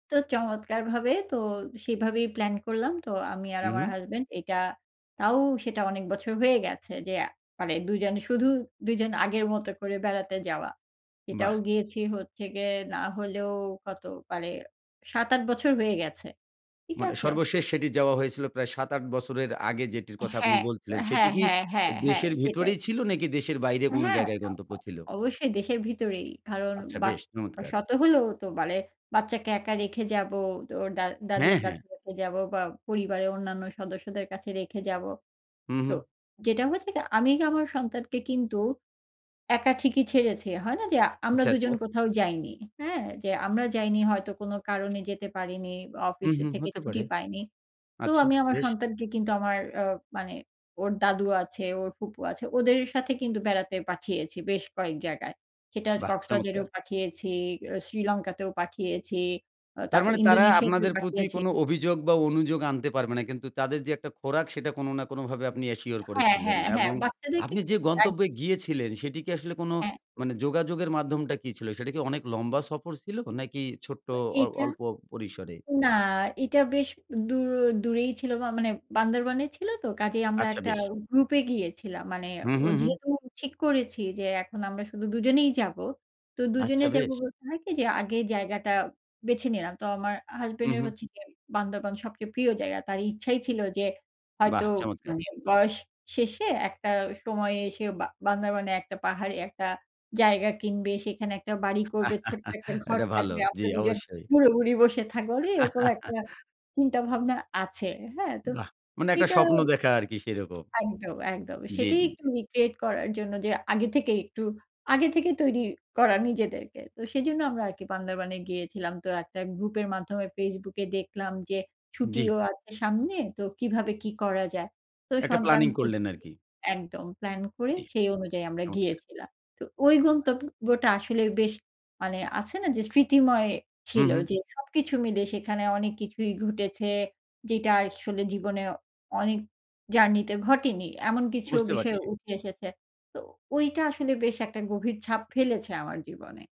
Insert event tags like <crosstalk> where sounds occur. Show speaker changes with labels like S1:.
S1: তো চমৎকারভাবে তো সেভাবেই প্লান করলাম। তো আমি আর
S2: হুম,
S1: আমার
S2: হুম।
S1: হাসব্যান্ড এটা তাও সেটা অনেক বছর হয়ে গেছে, যে মানে দুজন শুধু দুজন আগের মত করে বেড়াতে যাওয়া। এটাও
S2: বাহ!
S1: গিয়েছি হচ্ছে গিয়ে না হলেও কত মানে ৭-৮ বছর হয়ে গেছে। ঠিক
S2: মানে
S1: আছে?
S2: সর্বশেষ সেটি যাওয়া হয়েছিল প্রায় ৭-৮ বছরের আগে, যেটির কথা আপনি
S1: হ্যাঁ,
S2: বলছিলেন, সেটি
S1: হ্যাঁ,
S2: কি
S1: হ্যাঁ, হ্যাঁ, হ্যাঁ,
S2: দেশের
S1: সেটাই।
S2: ভিতরেই ছিল? নাকি দেশের বাইরে কোন
S1: হ্যাঁ,
S2: জায়গায়
S1: অ
S2: গন্তব্য
S1: অ
S2: ছিল?
S1: অবশ্যই দেশের ভিতরেই কারণ
S2: আচ্ছা
S1: বা
S2: বেশ, চমৎকার!
S1: শত হলেও তো মানে বাচ্চাকে একা রেখে যাবো, ওর দা দাদুর
S2: হ্যাঁ, হ্যাঁ।
S1: কাছে রেখে যাবো, বা পরিবারের অন্যান্য সদস্যদের কাছে রেখে যাবো।
S2: হুম,
S1: তো
S2: হুম।
S1: যেটা হচ্ছে গে আমি আমার সন্তানকে কিন্তু একা ঠিকই ছেড়েছি, হয় না যে আমরা
S2: আচ্ছা, আচ্ছা।
S1: দুজন কোথাও যাইনি। হ্যাঁ? যে আমরা যাইনি হয়তো কোন কারণে যেতে পারিনি। অফিস
S2: হুম, হুম,
S1: থেকে
S2: হতে
S1: ছুটি
S2: পারে।
S1: পাইনি। তো
S2: আচ্ছা
S1: আমি আমার
S2: বেশ।
S1: সন্তানকে কিন্তু আমার অ মানে ওর দাদু আছে ওর ফুপু আছে। ওদের সাথে কিন্তু বেড়াতে পাঠিয়েছি, বেশ কয়েক জায়গায়। সেটা
S2: বাহ!
S1: কক্সবাজারেও
S2: চমৎকার!
S1: পাঠিয়েছি, আ শ্রীলঙ্কাতেও পাঠিয়েছি। আ
S2: তার
S1: তারপর
S2: মানে তারা
S1: ইন্দোনেশিয়াতেও
S2: আপনাদের প্রতি
S1: পাঠিয়েছি
S2: কোন অভিযোগ বা অনুযোগ আনতে পারবে না। কিন্তু তাদের যে একটা খোরাক সেটা কোন না কোনভাবে আপনি অ্যাশিওর
S1: হ্যাঁ,
S2: করেছিলেন।
S1: হ্যাঁ, হ্যাঁ,
S2: এবং
S1: বাচ্চাদেরকে
S2: আপনি যে গন্তব্যে
S1: একদম।
S2: গিয়েছিলেন সেটি কি আসলে কোন
S1: হ্যাঁ।
S2: মানে যোগাযোগের মাধ্যমটা কি ছিলো? সেটা কি অনেক লম্বা সফর ছিল? নাকি ছোট্ট
S1: তো
S2: অ
S1: এটা
S2: অল্প পরিসরে?
S1: না, এটা বেশ দূ দূরেই ছিল মানে বান্দরবনে ছিল তো। কাজেই আমরা
S2: আচ্ছা
S1: একটা
S2: বেশ।
S1: গ্রুপে গিয়েছিলাম। মানে
S2: হুম,
S1: অ
S2: হুম, হুম।
S1: যেহেতু ঠিক করেছি যে এখন আমরা শুধু দুজনেই যাবো। তো দুজনে
S2: আচ্ছা
S1: যাব
S2: বেশ।
S1: বলতে হয় কি যে আগে জায়গাটা বেছে নিলাম। তো আমার হাসব্যান্ড
S2: হুম,
S1: এর
S2: হুম।
S1: হচ্ছে গিয়ে বান্দরবান। প্রিয় জায়গা তার ইচ্ছাই ছিল, যে হয়তো
S2: বাহ! চমৎকার।
S1: মানে বয়স শেষে একটা সময়ে এসে বা বান্দারাবনে একটা পাহাড়ে একটা জায়গা কিনবে, সেখানে একটা বাড়ি করবে ছোট্ট একটা
S2: <laughs>
S1: ঘর
S2: এটা ভালো।
S1: থাকবে,
S2: জ্বি,
S1: আমরা দুজন
S2: অবশ্যই।
S1: বুড়ো বুড়ি বসে থাকবো, মানে এরকম একটা
S2: <laughs>
S1: চিন্তাভাবনা আছে। হ্যাঁ তো,
S2: বাহ! মানে একটা
S1: এটা
S2: স্বপ্ন দেখা আরকি সেরকম।
S1: একদম, একদম
S2: জি,
S1: সেটাই
S2: জি,
S1: একটু
S2: জি।
S1: রিক্রিয়েট করার জন্য, যে আগে থেকেই একটু আগে থেকেই তৈরি করা নিজেদেরকে। তো সেজন্য আমরা আরকি বান্দরবনে গিয়েছিলাম। তো একটা গ্রুপের মাধ্যমে Facebook এ দেখলাম যে
S2: জি।
S1: ছুটিও আছে সামনে, তো কিভাবে কি করা যায়। তো
S2: একটা প্ল্যানিং
S1: সন্তানকে
S2: করলেন
S1: দেখে
S2: আরকি।
S1: একদম প্লান করে
S2: জি,
S1: সেই অনুযায়ী আমরা
S2: চমৎকার।
S1: গিয়েছিলাম। তো ওই
S2: হ্যাঁ।
S1: গন্তব্যটা আসলে বেশ মানে আছে না, যে স্মৃতিময়
S2: হুম,
S1: ছিল
S2: হুম।
S1: যে সবকিছু মিলে সেখানে অনেক কিছুই ঘটেছে, যেটা আসলে জীবনে অনেক জার্নিতে ঘটেনি। এমন কিছু
S2: বুঝতে
S1: বিষয়
S2: পারছি।
S1: উঠে এসেছে। তো ওইটা আসলে বেশ একটা গভীর ছাপ ফেলেছে আমার জীবনে।